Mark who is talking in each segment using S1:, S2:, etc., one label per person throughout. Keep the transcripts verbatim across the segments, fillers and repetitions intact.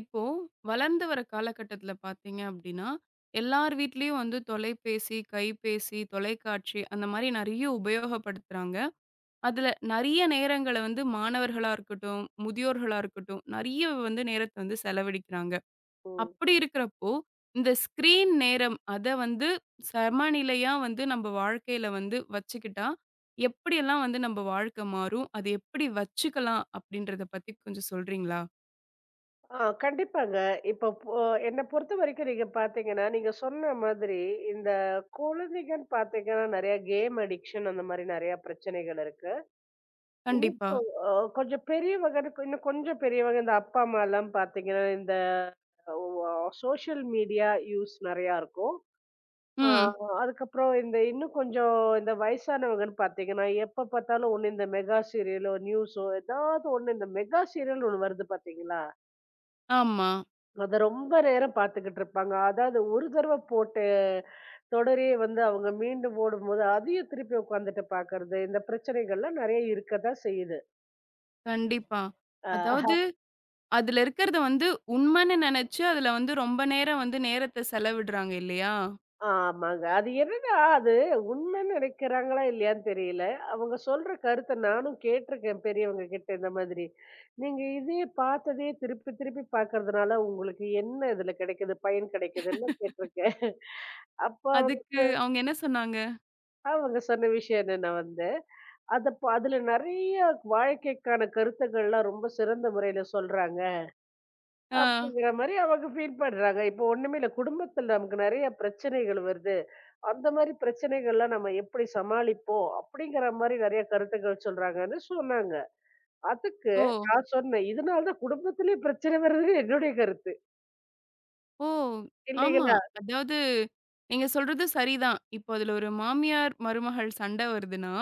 S1: இப்போ வளர்ந்து வர காலகட்டத்துல பாத்தீங்க அப்பிடின்னா எல்லார் வீட்லயும் வந்து தொலைபேசி, கைபேசி, தொலைக்காட்சி அந்த மாதிரி நிறைய உபயோகப்படுத்துறாங்க. அதுல நிறைய நேரங்கள வந்து மாணவர்களாக இருக்கட்டும், முதியோர்களா இருக்கட்டும், நிறைய வந்து நேரத்த வந்து செலவழிக்கிறாங்க.
S2: ஓ!
S1: அப்பிடி இருக்கிறப்போ, இந்த ஸ்கிரீன் நேரம் அத வந்து சமநிலையா வந்து நம்ம வாழ்க்கையில வந்து வச்சுக்கிட்டா எப்பிடி எல்லாம் வந்து நம்ம வாழ்க்கை மாறும், அதை எப்பிடி வச்சுக்கலாம் அப்பிடின்றத பத்தி கொஞ்சம் சொல்றீங்களா?
S2: ஆ, கண்டிப்பாங்க. இப்ப போ என்ன பொறுத்தவரைக்கும் நீங்கப் பாத்தீங்கன்னா, நீங்கச் சொன்ன மாதிரி இந்தக் குழந்தைகள் பாத்தீங்கன்னா நிறைய கேம் அடிக்ஷன் அந்தமாரி நிறைய பிரச்சனைகள் இருக்கு. இன்னும்
S1: கண்டிப்பா.
S2: கொ ஒ கொஞ்சம் பெரியவங்கன்னு இன்னும் கொஞ்சம் பெரியவங்க இந்த அப்பா, அம்மா எல்லாம் பாத்தீங்கன்னா, இந்த அவ் அ சோசியல் மீடியா யூஸ் நிறையா இருக்கும். ஆ,
S1: ம்.
S2: அதுக்கப்புறம் இந்த இன்னும் கொஞ்சம் இந்த வயசானவுங்கன்னு பார்த்தீங்கன்னா, எப்போ பார்த்தாலும் ஒண்ணு இந்த மெகா சீரியலோ, நியூஸோ, ஏதாவது ஒண்ணு இந்த மெகா சீரியல்ன்னு ஒண்ணு வருது பார்த்தீங்களா!
S1: ஆமா.
S2: அதை ரொம்ப நேரம் பார்த்துக்கிட்டு இருப்பாங்க அதாவது ஒரு தடவ போட்ட தொடரையே வந்து அவங்க மீண்டும் போடும்போது அதையும் திருப்பி உட்கார்ந்துட்டு பார்க்கிறது இந்த பிரச்சனைகள் எல்லாம் நறைய இருக்கத்தான் செய்யுது.
S1: கண்டிப்பா.
S2: ஆஹா.
S1: அதாவது அதுல இருக்கிறத வந்து உண்மைன்னு நெனச்சு அதுல வந்து ரொம்ப நேரம் வந்து நேரத்த செலவிடுறாங்க இல்லையா?
S2: ஆமாங்க. அது என்னன்னா அது உண்மை நினைக்கிறாங்களா இல்லையான்னு தெரியல. அவங்க சொல்ற கருத்த நானும் கேட்டு இருக்கேன் பெரியவங்ககிட்ட இந்த மாதிரி. நீங்க இதையே பார்த்ததையே திருப்பித் திருப்பிப் பார்க்கிறதுனால உங்களுக்கு என்ன இதுல கிடைக்குது, பயன் கிடைக்குதுன்னு கேட்டு இருக்கேன். அப்ப அவங்க
S1: அதுக்கு அவங்க என்ன சொன்னாங்க?
S2: அவங்க சொன்ன விஷயம் என்னன்னா வந்து, "அதை அதுல நறைய வாழ்க்கைக்கான கருத்துகள் எல்லாம் ரொம்ப சிறந்த முறையில சொல்றாங்க"
S1: ஆ.
S2: அப்படிங்கிற மாரி அவங்க ஃபீல் பண்றாங்க. "இப்ப ஒண்ணுமே இல்ல". குடும்பத்துல நமக்கு நறைய பிரச்சனைகள் வருது அந்த மாரி பிரச்சனைகல்லாம் நாம எப்படி சமாளிப்போம்? அப்படிங்கிற மாரி நறைய கருத்துகள் சொல்றாங்கன்னு சொன்னாங்க. அதுக்கு
S1: ஓ.
S2: நான் சொன்னேன், இதனாலதான் குடும்பத்திலேயே பிரச்சனை வரது என்னுடைய கருத்து.
S1: ஓ ஆமா.
S2: இல்லீகளா?
S1: அதாவது நீங்க சொல்றது சரிதான். இப்போ அதுல ஒரு மாமியார் மருமகள் சண்ட வருதுன்னா,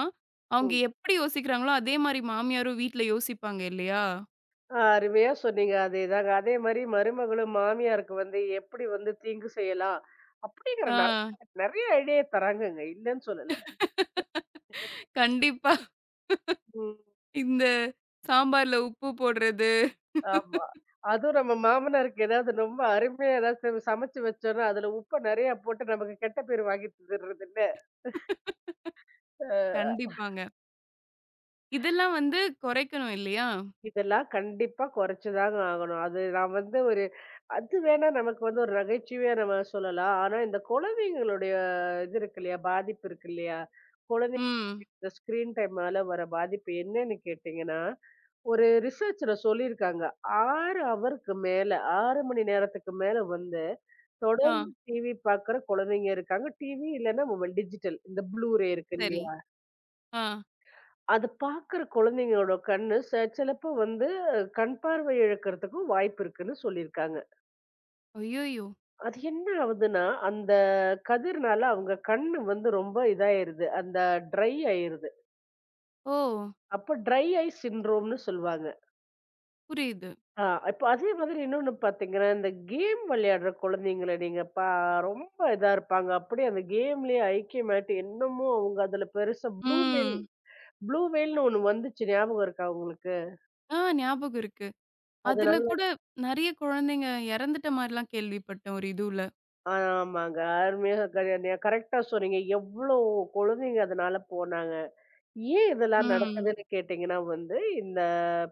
S1: அவங்க
S2: ம்.
S1: எப்படி யோசிக்கிறாங்களோ அதே மாரி மாமியாரும் வீட்டில யோசிப்பாங்க இல்லையா?
S2: ஆ, அருமையா சொன்னீங்க. அதேதாங்க. அதே மாரி மருமகளும் மாமியாருக்கு வந்து எப்பிடி வந்து தீங்கு செய்யலாம்? அப்படிங்கிற நெறைய
S1: ஆ.
S2: நெறைய ஐடியா தராங்கங்க. இல்லைன்னு சொல்லல.
S1: கண்டிப்பா.
S2: ம்.
S1: இந்தச் சாம்பார்ல உப்பு போடுறது.
S2: ஆமா. அதுவும் நம்ம மாமனாருக்கு ஏதாவது ரொம்ப அருமையா ஏதாவது நம்ம சமைச்சு வச்சோம்னா அதுல உப்பு நிறைய போட்டு நமக்குக் கெட்ட பேரு வாங்கி தந்துடுறது என்ன? அ.
S1: கண்டிப்பாங்க. இதெல்லாம் வந்து குறைக்கணும் இல்லையா?
S2: இதெல்லாம் கண்டிப்பா குறைச்சுதாங்க ஆகணும். அது நாம் வந்து ஒரு அது வேணா நமக்கு வந்து ஒரு நகைச்சுவையா நாம சொல்லலாம். ஆனா இந்தக் குழந்தைங்களுடைய இது இருக்கில்லையா, பாதிப்பு இருக்கில்லையா, குழந்தைங்க
S1: ம்.
S2: இந்த ஸ்கிரீன் டைம்ல வர்ற பாதிப்பு என்னன்னு கேட்டீங்கன்னா, ஒரு ரிசர்ச்ல சொல்லி இருக்காங்க. ஆறு ஹவருக்கு மேல, ஆறு மணி நேரத்துக்கு மேல வந்து தொடர்ந்து
S1: ஆ.
S2: டி.வி பாக்கிற குழந்தைங்க இருக்காங்க. டி.வி இல்லைன்னா மொபைல், டிஜிட்டல் இந்த ப்ளூ ரே இருக்கு
S1: சரி.
S2: இல்லையா?
S1: ஆ.
S2: அது பாக்கிற குழந்தைங்களோட கண்ணு ச சிலப்போ வந்து கண்பார்வை இழக்கறதுக்கும் வாய்ப்பு இருக்குன்னு சொல்லி இருக்காங்க.
S1: ஐயய்யோ!
S2: அது என்ன ஆவுதுன்னா, அந்தக் கதிர்னால அவுங்க கண்ணு வந்து ரொம்ப இதாயிருது. அந்த ட்ரை ஆயிருது.
S1: ஓ!
S2: அப்ப ட்ரை ஐ சின்ட்ரோம்ன்னு சொல்லுவாங்க.
S1: புரியுது.
S2: ஆ, இப்ப அதே மாதிரி இன்னொன்னு பாத்தீங்கன்னா, இந்தக் கேம் விளையாடுற குழந்தைங்கள நீங்கப் பா ரொம்ப இதா இருப்பாங்க. அப்பிடியே அந்த கேம்லயே ஐக்கியமாயிட்டு என்னமோ அவுங்க அதுல பெருசா ப்ளு வெல்
S1: ம்.
S2: ப்ளு வெல்ன்னு ஒண்ணு வந்துச்சு ஞாபகம் இருக்கா உங்களுக்கு?
S1: ஆ, ஞாபகம் இருக்கு. அதுல
S2: அதுநல்ல,
S1: கூட நிறைய குழந்தைங்க இறந்துட்ட மாரிலாம் கேள்விப்பட்டேன் ஒரு இதுவுல.
S2: ஆ. ஆமாங்க. அருமையா கரென்யா கரெக்டா சொன்னீங்க. எவ்ளோ குழந்தைங்க அதனால போனாங்க. ஏன் இதெல்லாம்
S1: ம்.
S2: நடக்குதுன்னு கேட்டீங்கன்னா வந்து, இந்த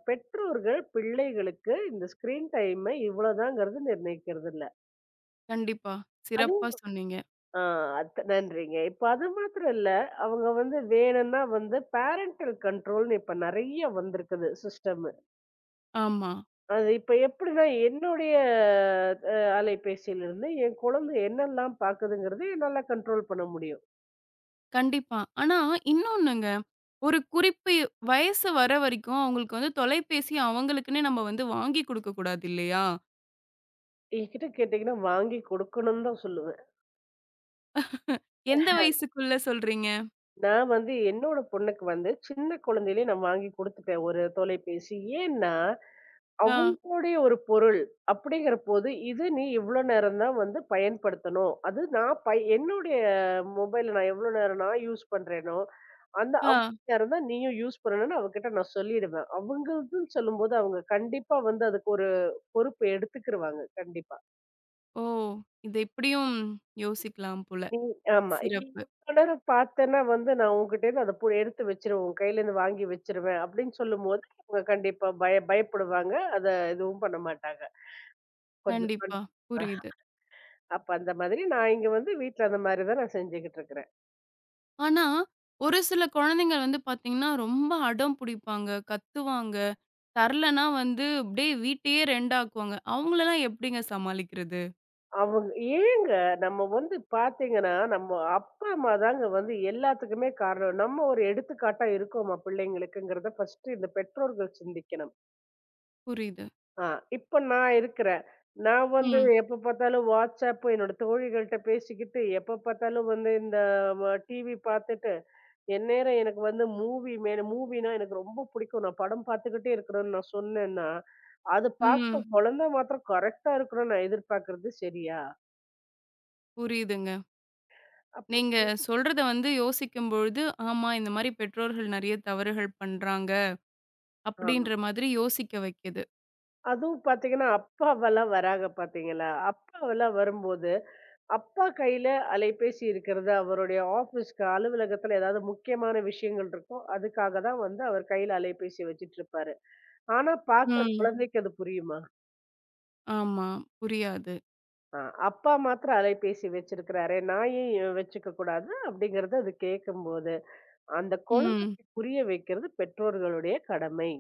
S2: பெற்றோர்கள் பிள்ளைகளுக்கு இந்த ஸ்கிரீன் டைமை இவ்வள தாங்கிறது நிர்ணயிக்கிறது இல்ல.
S1: கண்டிப்பா.
S2: அதே தான்
S1: சிறப்பா சொன்னீங்க.
S2: ஆ, அத் நன்றிங்க. இப்ப அது மாத்தரம் இல்ல. அவுங்க வந்து வேணுன்னா வந்து பேரண்டல் கன்ட்ரோல்ன்னு இப்ப நிறைய வந்திருக்குது சிஸ்டமு.
S1: ஆமா.
S2: அது இப்ப எப்பிடின்னா என்னுடைய அ அலைபேசில இருந்து என் குழந்தை என்னெல்லாம் பாக்குதுங்கிறதையும் என்னால கன்ட்ரோல் பண்ண முடியும்.
S1: கண்டிப்பாக. ஆனா இன்னொண்ணுங்க. ஒரு குறிப்பு, வயது வரைக்கும் அவங்களுக்கு வந்து தொலைபேசி அவங்களுக்குன்னே நம்ம வந்து வாங்கிக் கொடுக்கக் கூடாது இல்லையா?
S2: என்கிட்ட கேட்டீங்கன்னா, வாங்கிக் கொடுக்கணும்னுதான் சொல்லுவேன்.
S1: எந்த வயதுக்குள் சொல்கிறீர்கள்?
S2: நான் வந்து என்னோட பொண்ணுக்கு வந்து சின்னக் குழந்தையிலேயே நான் வாங்கிக் கொடுத்துட்டேன் ஒரு தொலைபேசி. ஏன்னா,
S1: ஆ.
S2: அவங்களுடைய ஒரு பொருள் அப்படிங்கிறபோது, இது நீ இவ்வளவு நேரம் தான் வந்து பயன்படுத்தணும். அது நான் பய என்னுடைய மொபைல் நான் எவ்வளவு நேரம் நான் யூஸ் பண்றேனோ, அந்த
S1: ஆ.
S2: அவ்வளவு நேரம் தான் நீயும் யூஸ் பண்ணணும்னு அவக்கிட்ட நான் சொல்லிடுவேன். அவங்களுக்கு சொல்லும்போது, அவங்க கண்டிப்பா வந்து அதுக்கு ஒரு பொறுப்பு எடுத்துக்கிருவாங்க, கண்டிப்பா.
S1: ஓ! இதைப் இப்படியும் யோசிக்கலாம் போல.
S2: நீ ஆமா. "நீ
S1: சிறப்பு.
S2: இவ்வளவு நேரம் பார்த்தேன்னா வந்து நான் உன்னிடம் இருந்து அதைப் பு எடுத்து வச்சிருவேன். உன் கையில இருந்து வாங்கி வச்சிருவேன்" அப்படின்னு சொல்லும்போது, அவங்க கண்டிப்பா வந்து பயப் பயப்படுவாங்க. அதை எதுவும் பண்ண மாட்டாங்க. கொஞ்சம்
S1: கண்டிப்பாக புரியுது.
S2: அப்ப அந்த மாதிரி நான் இங்க வந்து வீட்ல அந்த மாதிரிதான் நான் செஞ்சுகிட்டு இருக்கேன்.
S1: ஆனா ஒரு சில குழந்தைகள் வந்து பார்த்தீங்கன்னா ரொம்ப அடம் புடிப்பாங்க, கத்துவாங்க. தரலைன்னா வந்து இப்படியே வீட்டையே ரெண்டா க்குவாங்க. அவங்களெல்லாம் எப்படிங்க சமாளிக்கிறது?
S2: அவங்க ஏங்க நம்ம வந்து பார்த்தீங்கன்னா, நம்ம அப்பா அம்மாதாங்க வந்து எல்லாத்துக்குமே காரணம். நம்ம ஒரு எடுத்துக்காட்டா இருக்கோமா பிள்ளைங்களுக்குங்கிறதை ஃபர்ஸ்ட்டு இந்த பெற்றோர்கள் சிந்திக்கணும்.
S1: புரியுது.
S2: ஆஹ், இப்ப நான் இருக்கிறேன். நான் வந்து
S1: ம்.
S2: எப்ப பார்த்தாலும் WhatsApp என்னோட தோழிகள்கிட்ட பேசிக்கிட்டு, எப்ப பார்த்தாலும் வந்து இந்த டிவி பார்த்துட்டு, எந்நேரம் எனக்கு வந்து மூவி மேல, மூவின்னா எனக்கு ரொம்ப பிடிக்கும். நான் படம் பார்த்துக்கிட்டே இருக்கறேன்னு நான் சொன்னேன்னா, அது பார்க்குற
S1: ம்.
S2: குழந்தை மாத்திரம் கரெக்ட்டா இருக்கணும்னு நான் எதிர்பார்க்கிறது சரியா?
S1: புரியுதுங்க.
S2: அப்ப
S1: நீங்கச் சொல்றதை வந்து யோசிக்கும் பொழுது, ஆமா, இந்த மாதிரி பெற்றோர்கள் நிறைய தவறுகள் பண்றாங்க
S2: ஆமா.
S1: அப்படிங்கிற மாதிரி யோசிக்க வைக்குது.
S2: அதுவும் பார்த்தீங்கன்னா, அப்பா எல்லாம் வராங்க பார்த்தீங்களா? அப்பா எல்லாம் வரும்போது, அப்பா கையில அலைபேசி இருக்கிறது. அவருடைய ஆபிஸ் அலுவலகத்தில் ஏதாவது முக்கியமான விஷயங்கள் இருக்கும். அதுக்காகத்தான் வந்து அவர் கையில அலைபேசி வச்சிட்டு இருப்பாரு. ஆனா பாக்குற
S1: ம்.
S2: குழந்தைக்கு அது புரியுமா?
S1: ஆமாம், புரியாது.
S2: அ அப்பா மட்டும் அலைபேசி வச்சிருக்காரு. நான் ஏன் வச்சுக்க கூடாது அப்டிங்கறத அது கேட்கும்போது, அந்த
S1: ம்.
S2: குழந்தைக்குப் புரிய வைக்கிறது பெற்றோர்களுடைய கடமை.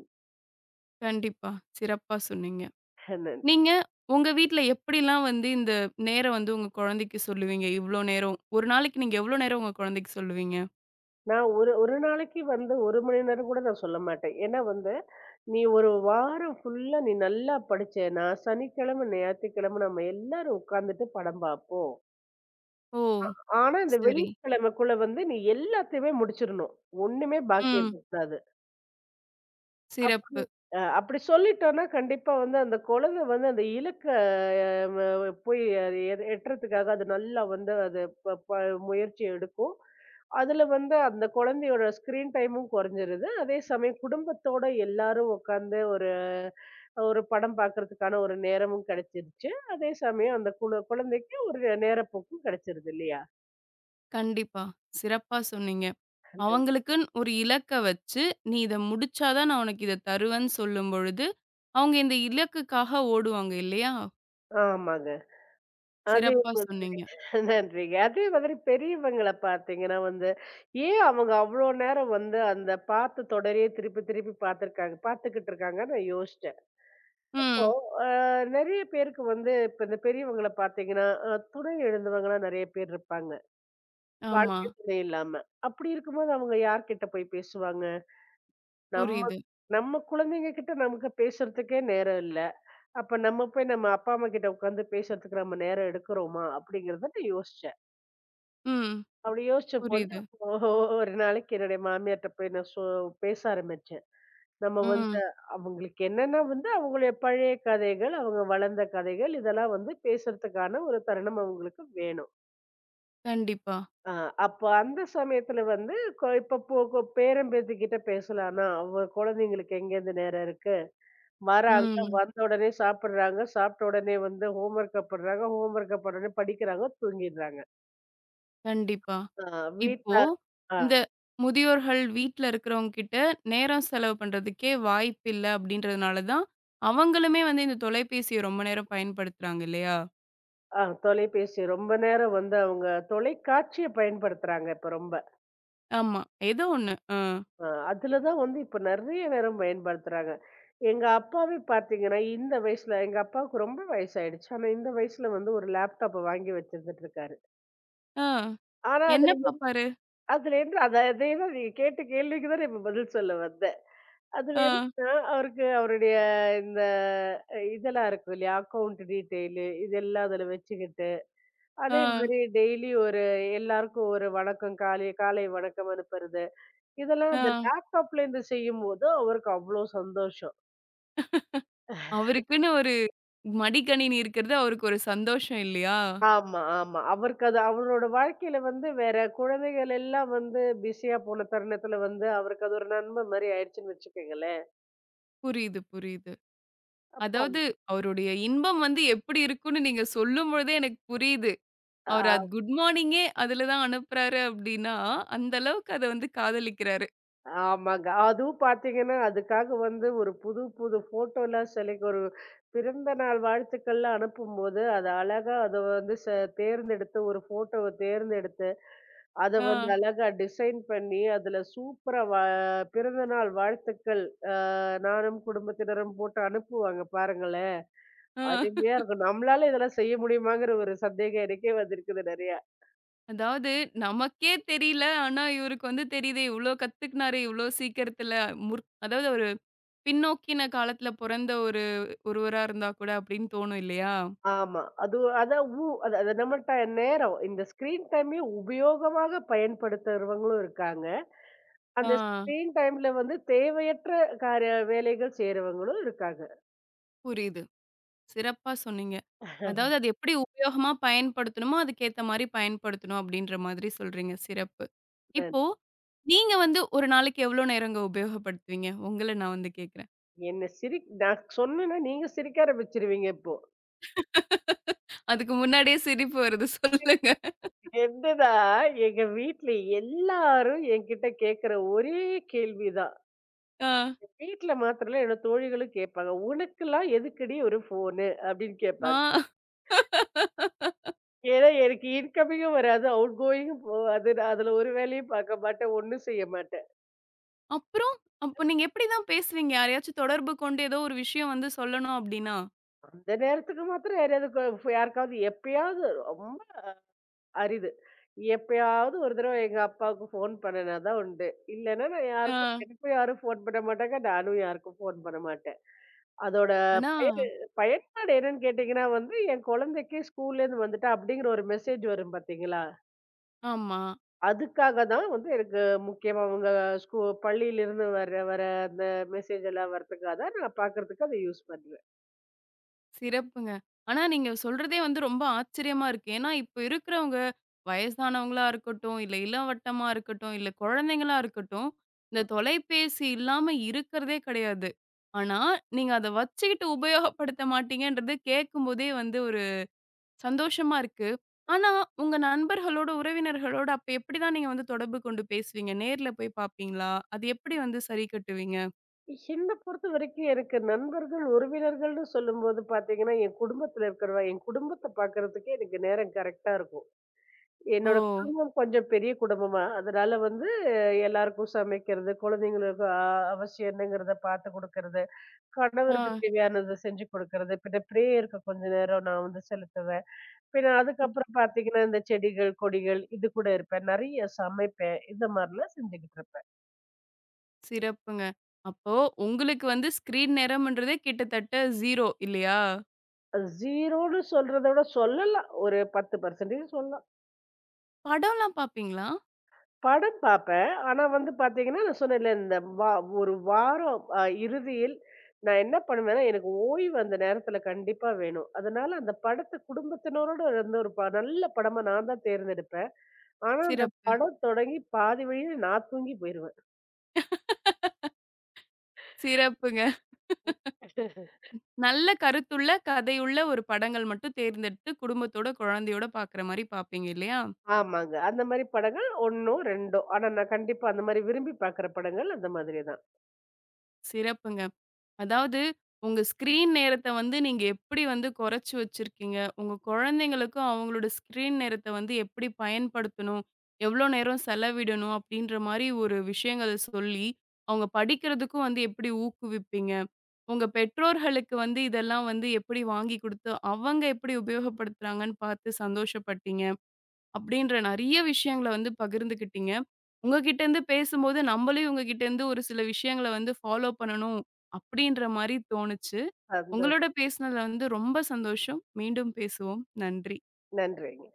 S1: கண்டிப்பா. சிறப்பா சொன்னீங்க.
S2: ஹேனன்.
S1: நீங்க உங்க வீட்ல எப்டிலாம் வந்து இந்த நேரம் வந்து உங்க குழந்தைக்குச் சொல்லுவீங்க? இவ்ளோ நேரம் ஒரு நாளைக்கு நீங்க எவ்ளோ நேரம் உங்க குழந்தைக்குச் சொல்லுவீங்க?
S2: நான் ஒரு ஒரு நாளைக்கு வந்து ஒரு மணி நேரம் கூடச் சொல்லமாட்டேன். ஏன்னா வந்து "நீ ஒரு வாரம் ஃபுல்லா நீ நல்லா படிச்சேனா, சனிக்கிழம, ஞாயித்துக்கிழம நம்ம எல்லாரும் உக்காந்துட்டு படம் பாப்போம்."
S1: ஓ
S2: ஆனா இந்த
S1: செரி.
S2: வெள்ளிக்கிழமக்குள்ள வந்து நீ எல்லாத்தையுமே முடிச்சிறனும். ஒண்ணுமே பாக்கி
S1: ம்.
S2: இருக்க கூடாது. அப்டி
S1: சிறப்பு.
S2: அ அப்படி சொல்லிட்டோம்னா கண்டிப்பா வந்து அந்தக் குழந்தை வந்து அந்த இலக்க அ போய் எட்டறதுக்காக அது நல்லா வந்து அது ப ப முயற்சி எடுக்கும். அதுல வந்து அந்தக் குழந்தையோட ஸ்கிரீன் டைமும் குறைஞ்சிருது. அதே சமயம் குடும்பத்தோட எல்லாரும் உக்காந்து ஒரு ஒரு படம் பாக்கறதுக்கான ஒரு நேரமும் கிடைச்சுடுச்சு. அதே சமயம் அந்தக் குழந்தைக்கு ஒரு நேரப்போக்கும் கிடைச்சுடுது இல்லையா?
S1: கண்டிப்பா, சிறப்பா சொன்னீங்க.
S2: [unintelligible]
S1: அவங்களுக்கு ஒரு இலக்க வச்சு "நீ இத முடிச்சா தான் உனக்கு இத தருவேன்" சொல்லும்பொழுது, அவங்க இந்த இலக்குக்காக ஓடுவாங்க இல்லையா?
S2: ஆமாங்க. அதே
S1: சிறப்பா
S2: போல,
S1: சொன்னீங்க.
S2: நன்றிங்க. அதே மாதிரி பெரியவங்கள பாத்தீங்கன்னா வந்து, ஏன் அவங்க அவ்ளோ நேரம் வந்து அந்தப் பாத்துத் தொடரையே திருப்பித் திருப்பிப் பாத்துருக்காங்க பாத்துகிட்டு இருக்காங்க. நான் யோசிச்சேன். இப்போ
S1: ம்.
S2: அ நிறைய பேருக்கு வந்து இப்ப இந்த பெரியவங்கள பாத்தீங்கன்னா, துணை இழந்தவங்க தான் நெறைய பேர் இருப்பாங்க.
S1: ஆமா.
S2: வாழ்க்கை துணை இல்லாம. அப்படி இருக்கும்போது அவங்க யார்கிட்ட போய்ப் பேசுவாங்க? நம்ம
S1: புரியுது.
S2: நம்ம குழந்தைங்ககிட்ட நமக்கு பேசுறதுக்கே நேரம் இல்ல. அப்போ நம்ம போய் நம்ம அப்பா அம்மா கிட்ட உக்காந்து பேசறதுக்கு நாம நேரம் எடுக்கறமா அப்படிங்கறத யோசிச்சேன்.
S1: ம்.
S2: அப்படி யோசிச்சபோது
S1: புரியுது.
S2: ஒரு நாளைக்கு என்னோட மாமியார்ட்ட போய் சோ பேச ஆரம்பிச்சேன். நம்ம வந்து
S1: ம்.
S2: அவங்களுக்கு என்னன்னா வந்து அவங்க பழைய கதைகள், அவங்க வளர்ந்த கதைகள் இதெல்லாம் வந்து பேசறதுக்கான ஒரு தருணம் அவங்களுக்கு வேணும்.
S1: கண்டிப்பா.
S2: அ அப்போ அந்தச் சமயத்துல வந்து, கொ இப்பப்போ கொ பேரன், பேத்தி கிட்ட பேசலாம்ன. அவ குழந்தைகளுக்கு எங்க இருந்து நேரம் இருக்கு. வராங்க.
S1: ம்.
S2: வந்தவுடனே சாப்பிடுறாங்க. சாப்பிட்ட உடனே வந்து ஹோம் வொர்க் பண்ணுறாங்க. ஹோம் வொர்க் பண்ணவோண்னே படிக்கிறாங்க. தூங்கிடுறாங்க.
S1: கண்டிப்பா.
S2: அ வீட்ல
S1: இப்போ
S2: ஆ.
S1: இந்த முதியோர்கள் வீட்ல இருக்குறவங்ககிட்ட நேரம் செலவு பண்றதுக்கே வாய்ப்பில்ல அப்படின்றதுனால தான், அவங்களுமே வந்து இந்தத் தொலைபேசிய ரொம்ப நேரம் பயன்படுத்துறாங்க இல்லையா?
S2: அ தொலைபேசி ரொம்ப நேரம் வந்து அவுங்க தொலைக்காட்சிய பயன்படுத்துறாங்க இப்ப ரொம்ப.
S1: ஆமா. ஏதோ ஒண்ணு. அ.
S2: அ அதுல தான் வந்து இப்ப நெறைய நேரம் பயன்படுத்துறாங்க. எங்க அப்பாவை பார்த்தீங்கன்னா, இந்த வயசுல, எங்க அப்பாக்கு ரொம்ப வயசாயிடுச்சு. இந்த வயசுல வந்து ஒரு லேப்டாப் வாங்கி வச்சுகிட் இருக்காரு.
S1: ஆ.
S2: ஆனா
S1: என்ன
S2: அதுல என்ன
S1: பாப்பாரு?
S2: அதுல என்ன? [unintelligible] நீங்கக் கேட்ட கேள்விக்குத் தான் நான் பதில் சொல்ல வந்தேன். அதுல
S1: ஆ.
S2: என்னனா? அவருக்கு அவருடைய இந்த இதெல்லாம் இருக்கும் இல்லியா? அக்கவுன்ட் டீடெயில் இதெல்லாம் அதுல வச்சுக்கிட்டு, அதே
S1: ஆ.
S2: மாதிரி டெய்லி ஒரு எல்லாருக்கும் ஒரு வணக்கம். காலை காலை வணக்கம் அனுப்புறது, இதெல்லாம் அந்த
S1: ஆ.
S2: லேப்டாப்ல இருந்து செய்யும்போது அவருக்கு அவ்ளோ சந்தோஷம்.
S1: அவருக்குன்னு ஒரு மடிக்கணினி இருக்குறது அவருக்கு ஒரு சந்தோஷம் இல்லையா?
S2: ஆமா ஆமா. அவருக்கு அது அவரோட வாழ்க்கைல வந்து வேற குழந்தைகள் எல்லாம் வந்து பிஸியா போன தருணத்துல வந்து அவருக்கு அது ஒரு நன்ம மாதிரி ஆயிடுச்சுன்னு வச்சுக்கோங்களேன்.
S1: புரியுது, புரியுது.
S2: அப்ப அம்
S1: அதாவது அவருடைய இன்பம் வந்து எப்படி இருக்கும்னு நீங்கச் சொல்லும் பொழுதே எனக்குப் புரியுது.
S2: ஆ.
S1: அவர் அது குட்மார்னிங்கே அதுல தான் அனுப்புறாரு அப்டின்னா, அந்த அளவுக்கு அத வந்து காதலிக்கிறாரு.
S2: ஆமாங்க. அதுவும் பாத்தீங்கன்னா, அதுக்காக வந்து ஒரு புதுப்புது போட்டோல்லாம் செலக்ட் ஒரு பிறந்தநாள் வாழ்த்துக்கள்லாம் அனுப்பும்போது, அதை அழகா அதை வந்து ச தேர்ந்தெடுத்து, ஒரு போட்டோவ தேர்ந்தெடுத்து, அதை வந்து
S1: ஆ.
S2: அழகா டிசைன் பண்ணி, அதுல சூப்பரா வ பிறந்தநாள் வாழ்த்துக்கள். அ நானும் குடும்பத்தினரும் போட்டு அனுப்புவாங்க, பாருங்களேன்.
S1: ம்.
S2: அருமையா இருக்கும். நம்மளால இதெல்லாம் செய்ய முடியுமாங்கற ஒரு சந்தேகம் எனக்கே வந்திருக்குது நெறைய.
S1: அதாவது நமக்கே தெரியல. ஆனா இவருக்கு வந்து தெரியுதே. இவ்ளோ கத்துக்கினாரு இவ்ளோ சீக்கிரத்துல. முற் அதாவது ஒரு பின்நோக்கின காலத்துல போறந்த ஒரு ஒருவரா இருந்தா கூட அப்டின்னு தோணும் இல்லையா?
S2: ஆமா அதுவும் அதான் உ அது அது டைம். நம்மல்ட நேரம். இந்த ஸ்கிரீன் டைமையும் உபயோகமாகப் பயன்படுத்துறவங்களும் இருக்காங்க. அந்த
S1: ஆ.
S2: ஸ்கிரீன் டைம்ல வந்து தேவையற்ற காரிய வேலைகள் செய்றவங்களும் இருக்காங்க.
S1: புரியுது. சிறப்பா சொன்னீங்க. அதாவது, அத எப்படி உபயோகமா பயன்படுத்தணுமோ, அதுக்கு ஏத்த மாதிரி பயன்படுத்தணும் அப்படிங்கிற மாதிரி சொல்றீங்க. சிறப்பு.
S2: பென்
S1: இப்போ, நீங்க வந்து ஒரு நாளைக்கு எவ்வளவு நேரம் உபயோகப்படுத்துவீங்க? உங்கள நான் வந்து கேக்குறேன்.
S2: என்ன சிரிக் நான் சொன்னனா நீங்க சிரிக்க ஆரம்பிச்சுருவீங்க இப்போ.
S1: அதுக்கு முன்னாடியே சிரிப்பு வருது.
S2: [unintelligible] [unintelligible]
S1: சொல்லுங்க.
S2: என்னன்னா, எங்க வீட்டுல எல்லாரும் எங்கிட்ட கேக்குற ஒரே கேள்விதான்.
S1: ஆ.
S2: [unintelligible] வீட்டுல மாத்திரம் இல்ல, என்னோட தோழிகளும் கேப்பாங்க. "உனக்குலாம் எதுக்குடி ஒருஃபோனு?" அப்படின்னு கேப்பாங்
S1: ஆ.
S2: ஏன்னா எனக்கு இன்கமிங்கும் வராது, அவுட்கோயிங்கும் போகாது. நான் அதுல ஒரு வேலையும் பாக்கமாட்டேன், ஒண்ணும் செய்யமாட்டேன்.
S1: அப்புறம்! அப்போ நீங்க எப்படி தான் பேசுவீங்க, யாரையாச்சும் தொடர்பு கொண்டு ஏதோ ஒரு விஷயம் வந்து சொல்லணும் அப்படின்னா?
S2: அந்த நேரத்துக்கு மாத்திரம் யாரையாவது கோஃப் யாருக்காவது எப்பயாவது ரொம்ப அரிது. எப்பயாவது ஒருதடவை எங்க அப்பாவுக்குப் ஃபோன் பண்ணுனா தான் உண்டு. இல்லேன்னா நான் யாருக்கும்
S1: ஆ.
S2: எனக்கும் யாரும் ஃபோன் பண்ண மாட்டாங்க, நானும் யாருக்கும் ஃபோன் பண்ண மாட்டேன். அதோட
S1: ஆனா
S2: பயனு பயன்பாடு என்னன்னு கேட்டிங்கன்னா வந்து, என் கொழந்தைக்கு, ஸ்கூல்ல" இருந்து வந்துட்டா" அப்படிங்கற ஒரு மெசேஜ் வரும் பாத்தீங்களா
S1: ஆமா.
S2: அதுக்காகத்தான் வந்து எனக்கு முக்கியமா உங்க ஸ்கூல் பள்ளியில இருந்து வர வர அந்த மெசேஜ் எல்லாம் வர்றதுக்காகத்தான் நான் பாக்குறதுக்கு அதை யூஸ் பண்ணுவேன்.
S1: சிறப்புங்க. ஆனா, நீங்கச் சொல்றதே வந்து ரொம்ப ஆச்சரியமா இருக்கு. ஏன்னா, இப்ப இருக்கறவங்க வயசானவங்களா இருக்கட்டும், இல்ல இளவட்டமா இருக்கட்டும், இல்ல குழந்தைங்களா இருக்கட்டும், இந்தத்
S2: ம்.
S1: தொலைபேசி இல்லாம இருக்கறதே கிடையாது. ஆனா, நீங்க அதை வச்சுக்கிட்டு உபயோகப்படுத்த மாட்டீங்கன்றத கேக்கும்போதே வந்து ஒரு சந்தோஷமா இருக்கு. ஆனா, உங்க நண்பர்களோட, உறவினர்களோட அப்ப எப்படி தான் நீங்க வந்து தொடர்பு கொண்டு பேசுவீங்க? நேர்ல போய்ப் பாப்பீங்களா? அதை எப்படி வந்து சரி கட்டுவீங்க?
S2: என்னைப் பொறுத்தவரைக்கும், எனக்கு நண்பர்கள், உறவினர்கள் என்று சொல்லும்போது பார்த்தீங்கன்னா, என் குடும்பத்துல இருக்கிற என் குடும்பத்தைப் பார்க்கறதுக்கே எனக்கு நேரம் கரெக்ட்டா இருக்கும். என்னோட
S1: ஓ.
S2: கொஞ்சம் பெரிய குடும்பமா. அதனால வந்து எல்லாருக்கும் சமைக்கிறது, குழந்தைகளுக்கு அவசியம் என்னங்கிறதை பார்த்துக் கொடுக்கிறது, கணவருக்கு
S1: ஆ.
S2: தேவையானதை செஞ்சு கொடுக்கிறது. இப்படி இப்படி இருக்க கொஞ்ச நேரம் நான் வந்து செலுத்துவேன். பின்ன, அதுக்கப்புறம் பார்த்தீங்கன்னா, இந்தச் செடிகள், கொடிகள், இதுகூட இருப்பேன். நிறைய சமைப்பேன். இந்த மாதிரி எல்லாம் செஞ்சுகிட்டு இருப்பேன்.
S1: சிறப்புங்க. அப்போ உங்களுக்கு வந்து ஸ்கிரீன் நேரம்ன்றதே கிட்டத்தட்ட ஜீரோ இல்லையா?
S2: அ ஜீரோன்னு சொல்றத விடச் சொல்லலாம். ஒரு பத்து பர்சன்டேஜ் சொல்லலாம்.
S1: படம் எல்லாம் பாப்பீங்களா?
S2: படம் பார்ப்பேன். ஆனா வந்து பார்த்தீங்கன்னா நான் சொன்னேன் இல்ல, இந்த வா ஒரு வாரம் அ இறுதியில் நான் என்ன பண்ணுவேன்னா, எனக்கு ஓய்வு அந்த நேரத்துல கண்டிப்பா வேணும். அதனால அந்தப் படத்தைக் குடும்பத்தினரோடு இருந்து ஒரு நல்ல படமா நான் தான் தேர்ந்தெடுப்பேன். ஆனா அந்தப்
S1: சிறப்பு.
S2: படம் தொடங்கிப் பாதி வழியில நான் தூங்கி போயிருவேன்.
S1: சிறப்புங்க. நல்ல கருத்துள்ள கதையுள்ள ஒரு படங்கள் மட்டும் தேர்ந்தெடுத்து குடும்பத்தோட குழந்தையோட பாக்குற மாதிரி பாப்பீங்க இல்லையா?
S2: ஆமாங்க அந்த மாதிரி படங்கள் ஒண்ணோ, ரெண்டோ. ஆனா நான் கண்டிப்பா அந்த மாதிரி விரும்பிப் பார்க்கிற படங்கள் அந்த மாதிரி தான்.
S1: சிறப்புங்க. அதாவது உங்க ஸ்கிரீன் நேரத்தை வந்து நீங்க எப்படி வந்து குறைச்சு வச்சிருக்கீங்க. உங்க குழந்தைகளுக்கும் அவங்களோட ஸ்கிரீன் நேரத்தை வந்து எப்படி பயன்படுத்தணும், எவ்ளோ நேரம் செலவிடணும்? அப்படின்ற மாதிரி ஒரு விஷயங்களை சொல்லி அவங்க படிக்கிறதுக்கு வந்து எப்படி ஊக்குவிப்பீங்க? உங்க பெற்றோர்களுக்கு வந்து இதெல்லாம் வந்து எப்படி வாங்கி கொடுத்து, அவங்க எப்படி உபயோகப்படுத்துறாங்கன்னு பார்த்துச் சந்தோஷப்பட்டீங்க. அப்படின்ற நிறைய விஷயங்களை வந்து பகிர்ந்துக்கிட்டீங்க. உங்ககிட்ட இருந்து பேசும்போது நம்மளையும் உங்ககிட்ட இருந்து ஒரு சில விஷயங்களை வந்து ஃபாலோ பண்ணனும் அப்படின்ற மாதிரி தோணுச்சு.
S2: அந்த
S1: உங்களோட பேசினதுல வந்து ரொம்ப சந்தோஷம். மீண்டும் பேசுவோம். நன்றி.
S2: நன்றிங்க.